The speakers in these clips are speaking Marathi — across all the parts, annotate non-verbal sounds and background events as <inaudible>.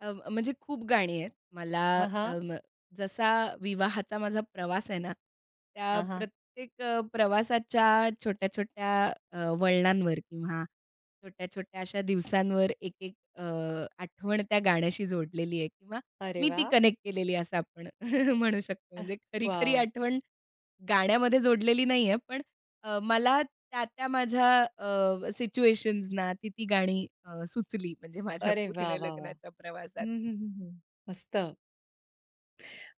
अ, म म्हणजे खूप गाणी आहेत मला हां, अ, हां. म जसा विवाहाचा माझा प्रवास आहे ना, त्या हां, हां. प्रत्येक अ, प्रवासाच्या छोट्या-छोट्या अ, वळणांवर किंवा छोट्या-छोट्या अशा दिवसांवर एक-एक अ, आठवण त्या गाण्याशी जोडलेली आहे किंवा अरे मी ती वाह! कनेक्ट केलेली आहे, असं आपण <chuckles> म्हणू शकतो. अह! म्हणजे खरी-खरी वॉव! आठवण गाण्यामध्ये जोडलेली नाहीये, पण अ, मला त्या, त्या माझ्या अ, सिच्युएशन्सना ती, ती गाणी अ, सुचली, म्हणजे माझ्या अरे वाह, पूर्ण वाह, वाह! लग्नाच्या प्रवासात. हं, हं, हं, हं मस्त.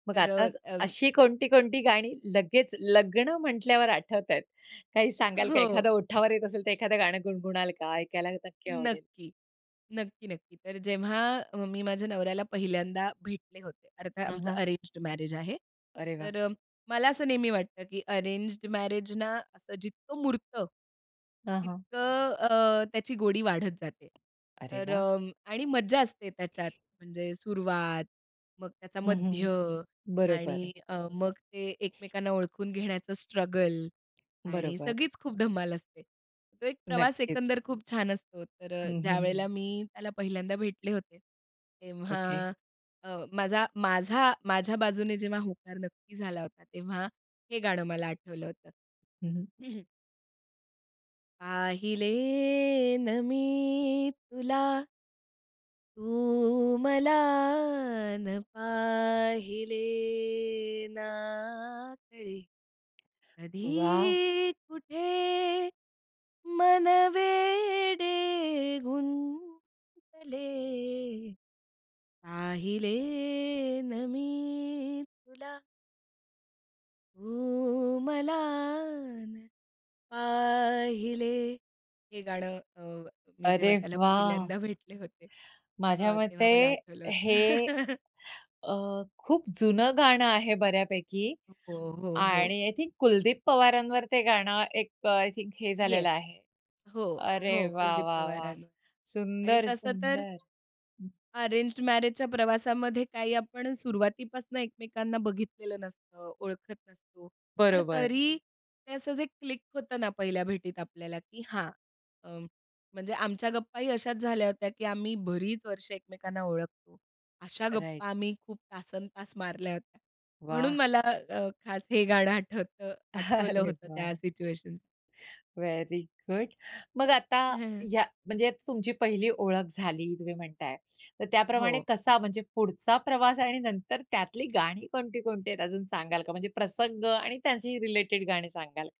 मग तर. आता अ, अं अशी कोणती, कोणती गाणी लगेच लग्न म्हटल्यावर आठवतायेत. काही सांगाल का? हो. एखादं ओठावर येत असेल, तर एखादं गाणं गुणगुणाल का? ऐकायला नक्की आवडेल? नक्की, नक्की, नक्की, तर जेव्हा मी माझ्या नवऱ्याला पहिल्यांदा भेटले होते. अर्थात हं, आमचं हं. अरेंज्ड मॅरेज आहे. अरे वाह! तर अ, मला असं नेहमी वाटतं, की अरेंज्ड मॅरेजना असं जितकं मुरतं हां, हां. तितकं अ, त्याची गोडी वाढत जाते. अरे तर वाह! अ, आणि मज्जा असते त्याच्यात, म्हणजे सुरुवात, मग त्याचा हं, मध्य हं, आणि बरोबर. अ, मग ते एकमेकांना ओळखून घेण्याचं स्ट्रगल आणि बरोबर. सगळीच खूप धमाल असते. तो एक प्रवास नक्कीच. एकंदर खूप छान असतो, तर अ, हं, हं, ज्यावेळेला हं. मी त्याला पहिल्यांदा भेटले होते तेव्हा ओके. अ, माझा माझा माझ्या बाजूने जेव्हा होकार नक्की झाला होता तेव्हा हे गाणं मला आठवलं होतं हं, हं. हं, हं. पाहिले ना मी तुला. तू मला ना पाहिले, ना कळे वाह! कधी, कुठे, मन वेडे गुंतले पाहिले ना मी तुला. तू मला ना पाहिले हे गाणं अ, मी जेव्हा अरे त्याला वाह! पहिल्यांदा भेटले होते. माझ्या अ, तेव्हा मते मला आठवलं होतं. हे <chuckles> अ, खूप जुनं गाणं आहे बऱ्यापैकी हो, हो, हो. आणि आय थिंक कुलदीप पवारांवर ते गाणं एक आय थिंक हे झालेलं येस, आहे. हो, अरे हो वाह, कुलदीप वाह, वाह! पवारांवर आणि सुंदर तसं तर सुंदर हं. अरेंज्ड मॅरेजच्या प्रवासामध्ये काही आपण अ, सुरुवातीपासून एकमेकांना बघितलेलं नसतं, ओळखत नसतो. पण बरोबर. तरी ते असाच एक क्लिक होतं ना पहिल्या भेटीत आपल्याला, की हां अ, म्हणजे आमच्या गप्पाही अशाच झाल्या होत्या, की आम्ही बरीच वर्षं एकमेकांना ओळखतो. अशा राइट. गप्पा आम्ही खूप तासंतास मारल्यात. म्हणून वाह! मला अ, खास हे गाणं आठवतं, <chuckles> आठवलं अरे होतं त्या वाह. सिच्युएशनसना. व्हेरी गुड, मग आता <chuckles> या म्हणजे तुमची पहिली ओळख झाली तुम्ही म्हणताय, तर हो. त्याप्रमाणे कसा म्हणजे पुढचा प्रवास आणि नंतर त्यातली गाणी कोणती, कोणती आहेत अजून सांगाल का? म्हणजे प्रसंग आणि त्यांची रिलेटेड गाणी सांगाल का?